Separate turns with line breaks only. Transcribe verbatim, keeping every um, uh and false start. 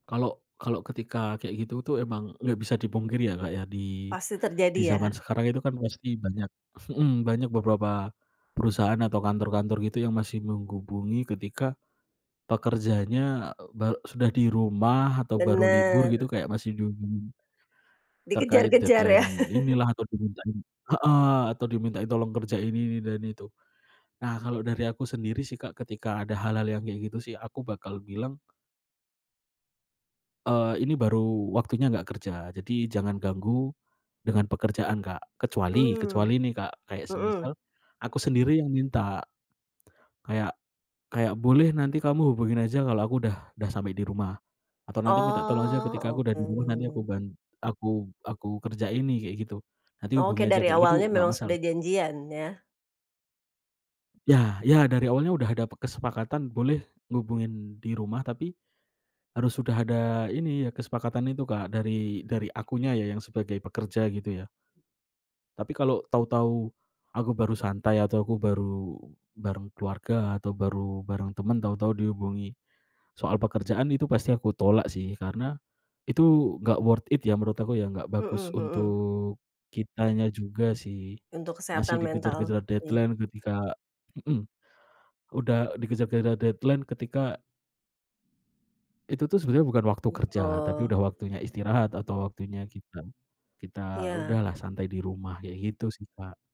Kalau kalau ketika kayak gitu tuh emang gak bisa dipungkiri ya Kak ya di
Pasti
di
terjadi
zaman
ya.
sekarang itu kan masih banyak mhm, banyak beberapa perusahaan atau kantor-kantor gitu yang masih menggubungi ketika, pekerjaannya, eee, be sudah di rumah atau baru libur gitu
Bener.
kayak masih dihubungi, terkait
Dikejar-kejar ya.
deadline inilah, atau dimintain heeh, atau dimintain tolong kerjain ini ini dan itu. Nah kalau dari aku sendiri sih Kak, ketika ada hal-hal yang kayak gitu sih, aku bakal bilang Eee, ini baru waktunya nggak kerja. Jadi jangan ganggu dengan pekerjaan Kak, kecuali
Mmm.
kecuali nih Kak kayak semisal,
Mhm.
aku sendiri yang minta, kayak kayak, "Boleh nanti kamu hubungin aja kalau aku udah udah sampai di rumah." Atau, "Nanti minta tolong aja ketika aku
Oh,
udah di rumah, nanti aku
oke.
ban aku aku kerjain nih," kayak gitu. Nanti hubungi
Oke,
aja
dari
kayak itu
awalnya
nggak
memang
masalah.
sudah janjian ya.
Ya ya, dari awalnya udah ada pe kesepakatan boleh ngehubungin di rumah, tapi harus udah ada ini ya, kesepakatan itu Kak dari dari akunya ya yang sebagai pekerja gitu ya. Tapi kalau tahu-tahu aku baru santai, atau aku baru bareng keluarga, atau baru bareng temen, tahu-tahu dihubungi soal pekerjaan, itu pasti aku tolak sih karena itu gak worth it ya, menurut aku ya, nggak bagus
Mhm mhm.
untuk kitanya juga sih.
Untuk
Masih
kesehatan mental.
dikejar-kejar
Iya.
deadline ketika mhm. Udah dikejar-kejar deadline ketika itu tuh sebenarnya bukan waktu kerja, tapi
Betul.
udah waktunya istirahat, atau waktunya kita kita
Iya.
udahlah santai di rumah, kayak gitu sih Kak.